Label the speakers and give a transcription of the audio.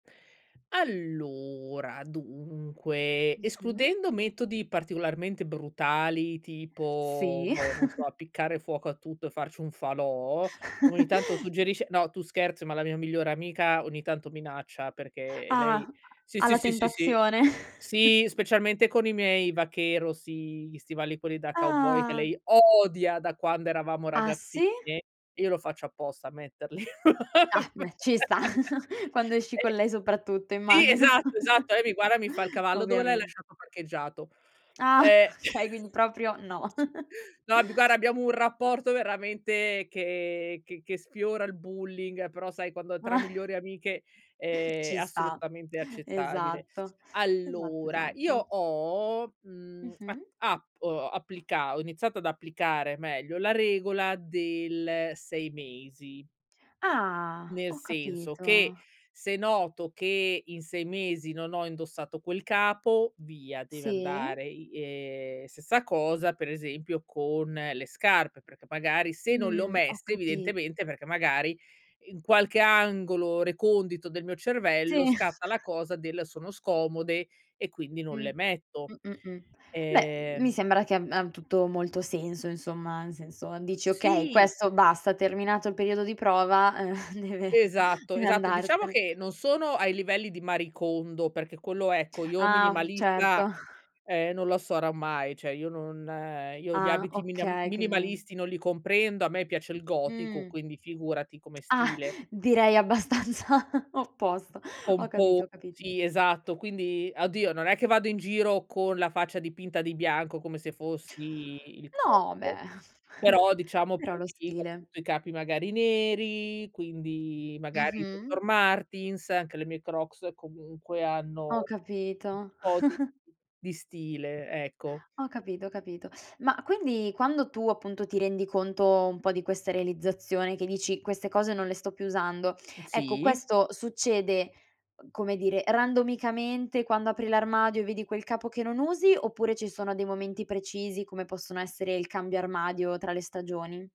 Speaker 1: Allora, dunque,
Speaker 2: Mh-mh.
Speaker 1: escludendo metodi particolarmente brutali tipo
Speaker 2: Sì.
Speaker 1: boh, non so, appiccare fuoco a tutto e farci un falò, come ogni tanto suggerisce no, tu scherzi, ma la mia migliore amica ogni tanto minaccia perché
Speaker 2: Ah,
Speaker 1: lei sì, sì,
Speaker 2: alla
Speaker 1: sì, sì, sì,
Speaker 2: tentazione.
Speaker 1: sì, specialmente con i miei vaquero, sì, gli stivali quelli da cowboy che
Speaker 2: Ah.
Speaker 1: lei odia da quando eravamo
Speaker 2: Ah,
Speaker 1: ragazzine
Speaker 2: sì?
Speaker 1: e io lo faccio apposta a metterli
Speaker 2: Ah, bhe ci sta, quando esci con
Speaker 1: eh
Speaker 2: lei soprattutto,
Speaker 1: sì,
Speaker 2: immagino.
Speaker 1: esatto, esatto. Lei mi guarda e mi fa: “Il cavallo dove l'hai
Speaker 2: Ovviamente.
Speaker 1: lasciato parcheggiato?”
Speaker 2: Ah
Speaker 1: Eh,
Speaker 2: okay, quindi proprio no.
Speaker 1: sì. No, b guarda, abbiamo un rapporto veramente che che che sfiora il bullying però, sai, quando tra
Speaker 2: Ah
Speaker 1: migliori amiche è
Speaker 2: Ci sta,
Speaker 1: assolutamente accettabile.
Speaker 2: esatto, esatto,
Speaker 1: Allora, io
Speaker 2: esatto.
Speaker 1: ho, mhmm, a
Speaker 2: Mh-mh.
Speaker 1: app uhm, applica ho iniziato ad applicare meglio la regola del 6 mesi
Speaker 2: Ah,
Speaker 1: nel
Speaker 2: ho
Speaker 1: senso che,
Speaker 2: capito.
Speaker 1: se noto che in 6 mesi non ho indossato quel capo, via, deve
Speaker 2: Sì.
Speaker 1: andare, i ehm, stessa cosa, per esempio, con le scarpe, perché, magari, se non le ho
Speaker 2: Mhmm, ho
Speaker 1: messe
Speaker 2: capi
Speaker 1: evidentemente, perché, magari, in qualche angolo recondito del mio
Speaker 2: Sì.
Speaker 1: cervello, scatta la cosa del: “Sono scomode”, e quindi non
Speaker 2: Mh.
Speaker 1: le metto,
Speaker 2: Mh, mh, mh. Beh, mi
Speaker 1: ehm
Speaker 2: sembra che ab ha tutto molto senso insomma, nel senso dici okay,
Speaker 1: Sì.
Speaker 2: questo basta, terminato il periodo di prova, ehm deve
Speaker 1: Esatto,
Speaker 2: deve
Speaker 1: esatto. Diciamo
Speaker 2: andarsene.
Speaker 1: che non sono ai livelli di Marie Kondo, perché quello, ecco, io,
Speaker 2: Ah,
Speaker 1: minimalista,
Speaker 2: certo.
Speaker 1: ehm, non lo sarò mai. Cioè, io non io, gli
Speaker 2: Ah,
Speaker 1: abiti miniam
Speaker 2: okay, quindi
Speaker 1: minimalisti non li comprendo. A me piace il gotico,
Speaker 2: Mhmm.
Speaker 1: quindi, figurati, come
Speaker 2: Ah,
Speaker 1: stile
Speaker 2: direi abbastanza opposto. Ho
Speaker 1: pomposo,
Speaker 2: capito, capito.
Speaker 1: sì, esatto. Quindi, oddio, non è che vado in giro con la faccia dipinta di bianco come se fossi Il
Speaker 2: No,
Speaker 1: Corvo,
Speaker 2: beh,
Speaker 1: però, diciamo,
Speaker 2: però lo
Speaker 1: prediligo,
Speaker 2: stile.
Speaker 1: appunto, i capi, magari, neri. Quindi, magari, le
Speaker 2: Mh-mh.
Speaker 1: Dr. Martens, anche le mie Crocs, comunque, hanno
Speaker 2: Ho
Speaker 1: un
Speaker 2: capito.
Speaker 1: po' di di stile, ecco.
Speaker 2: Ho capito, ho capito. Ma quindi quando tu appunto ti rendi conto un po' di questa realizzazione, che dici: "Queste cose non le sto più usando," ecco
Speaker 1: Sì.
Speaker 2: questo succede, come dire, randomicamente quando apri l'armadio e vedi quel capo che non usi, oppure ci sono dei momenti precisi, come possono essere il cambio armadio tra le stagioni?